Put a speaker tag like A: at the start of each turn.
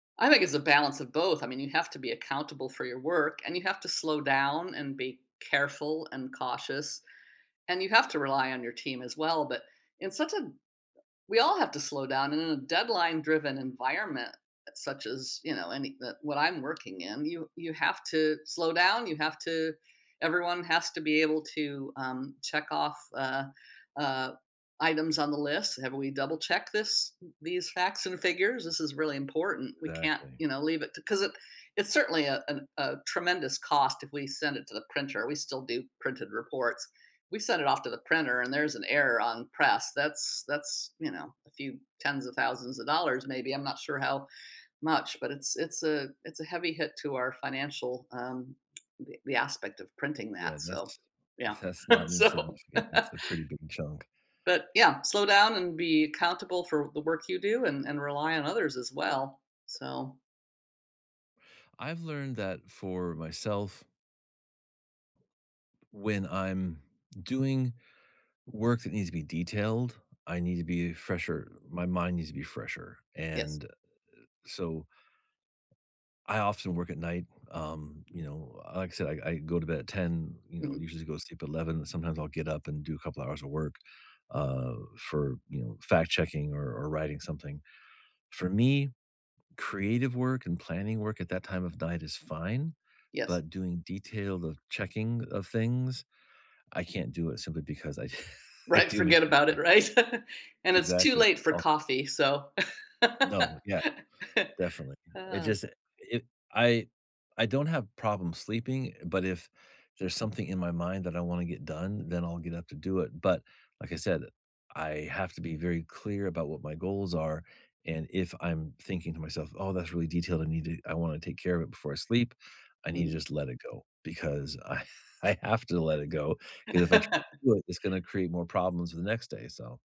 A: I think it's a balance of both. I mean, you have to be accountable for your work, and you have to slow down, and be careful and cautious. And you have to rely on your team as well. But, in such a we all have to slow down and in a deadline-driven environment such as, you know, any n what I'm working in, you you have to slow down, you have to everyone has to be able to, um, check-off, uh, uh, items on the list. "Have we double checked this these facts and figures? This is really important. We can't,
B: Exactly.
A: you know, leave it t" 'Cause it it's certainly, uh, an, uh, tremendous cost if we send it to the printer- we still do printed reports- we send it off to the printer and there's an error on press. That's that's, you know, a few 10s of 1000s of dollars maybe, I'm not sure how much, but it's it's a it's a heavy hit to our financial, um, we we aspect of printing
B: Yeah,
A: that, so
B: that's
A: yeah.
B: that's not
A: So
B: insignificant. It's a pretty big chunk.
A: but, yeah. Slow down and be accountable for the work you do and and rely on others as well, so
B: I've learned that for myself when I'm doing work that needs to be detailed, I need to be fresher, my mind needs to be fresher.
A: Yes.
B: And, eh, so I often work at night. Um, you know, uh, like I said, I I go to bed at 10:00, you know,
A: Mhm.
B: usually go to sleep at 11:00. Sometimes I'll get up and do a couple of hours of work, uh, for, you know, fact checking or or writing something. For me, creative work and planning work at that time of night is fine.
A: Yes.
B: But doing detailed checking of things, I can't do it simply because I I
A: Right,
B: do make
A: forget about it,
B: mistakes.
A: right? And it's too
B: Exactly,
A: late for
B: o
A: coffee, so
B: No, yeah. Definitely. It just, it if I I don't have problem sleeping, but if there's something in my mind that I wanna get done, then I'll get up to do it. But, like I said, I have to be very clear about what my goals are, and if I'm thinking to myself, "Oh, that's really detailed. I need to I wanna take care of it before I sleep." I need to
A: Mhm.
B: just let it go. Because I I have to let it go. 'Cause if I try to do it, it's gonna create more problems the next day, so